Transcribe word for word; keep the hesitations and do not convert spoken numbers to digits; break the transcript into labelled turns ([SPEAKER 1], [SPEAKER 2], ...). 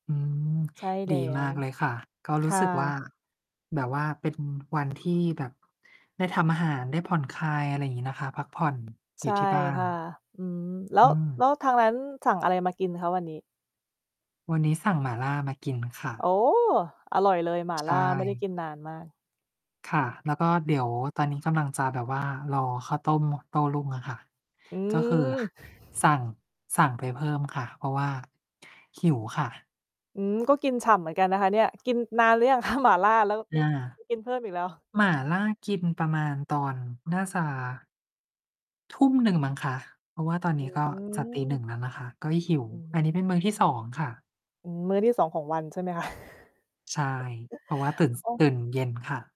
[SPEAKER 1] อืม
[SPEAKER 2] ใช่แล
[SPEAKER 1] ดี
[SPEAKER 2] ้
[SPEAKER 1] มา
[SPEAKER 2] ว
[SPEAKER 1] กเลยค่ะ ก็
[SPEAKER 2] ค
[SPEAKER 1] รู้
[SPEAKER 2] ่
[SPEAKER 1] สึ
[SPEAKER 2] ะ
[SPEAKER 1] กว่า แบบว่าเป็นวัน ที่ แบบ ได้ทำอาหาร ได้ผ่อนคลาย อะไรงี้นะคะ พักผ่อน
[SPEAKER 2] ใ
[SPEAKER 1] อ
[SPEAKER 2] ช
[SPEAKER 1] ยู่
[SPEAKER 2] ่
[SPEAKER 1] ที่บ้า
[SPEAKER 2] ค
[SPEAKER 1] น
[SPEAKER 2] ่ะ อืม แล้
[SPEAKER 1] อื
[SPEAKER 2] ว แล
[SPEAKER 1] ม
[SPEAKER 2] ้วทางนั้นสั่งอะไรมากินคะ วันนี้?
[SPEAKER 1] วันนี้สั่งหมาล่ามากินค่
[SPEAKER 2] โ
[SPEAKER 1] ะ
[SPEAKER 2] อ้! อร่อยเลย หมา
[SPEAKER 1] ใ
[SPEAKER 2] ล
[SPEAKER 1] ช
[SPEAKER 2] ่า ไม่ได้
[SPEAKER 1] ่
[SPEAKER 2] กินนานมาก
[SPEAKER 1] ค่ะ แล้วก็เดี๋ยว ตอนนี้กำลังจะแบบ ว่า รอข้าวต้มโต้รุ่งอะค่ะ
[SPEAKER 2] อื
[SPEAKER 1] ก็คือ
[SPEAKER 2] ม
[SPEAKER 1] สั่ง สั่งไปเพิ่มค่ะ เพราะ ว่า หิวค่ะ
[SPEAKER 2] อืม ก็กินฉ่ำเหมือนกันนะคะเนี่ย กินนานหรือยัง คะ หมาล่า? แล้ว
[SPEAKER 1] อ
[SPEAKER 2] มิด
[SPEAKER 1] า
[SPEAKER 2] จะ กินเพิ่มอีกแล้ว
[SPEAKER 1] หมาล่ากินประมาณตอนหน้าจะ ทุ่มหนึ่งมั้งคะ เพราะว่าตอน
[SPEAKER 2] อ
[SPEAKER 1] น
[SPEAKER 2] ื
[SPEAKER 1] ี้ ก็จะตี หนึ่
[SPEAKER 2] ม
[SPEAKER 1] ง แล้วนะคะ ก็หิว
[SPEAKER 2] อือฮ
[SPEAKER 1] อันนี
[SPEAKER 2] ึ
[SPEAKER 1] ้เป็นมื้อที่ สอง ค่ะ
[SPEAKER 2] อืม มื้อที่ สอง ของวัน ใช่ไหมคะ?
[SPEAKER 1] ใช่ เพราะว่าตื่น ส
[SPEAKER 2] โอ้
[SPEAKER 1] ตื่นเย็นค่ะ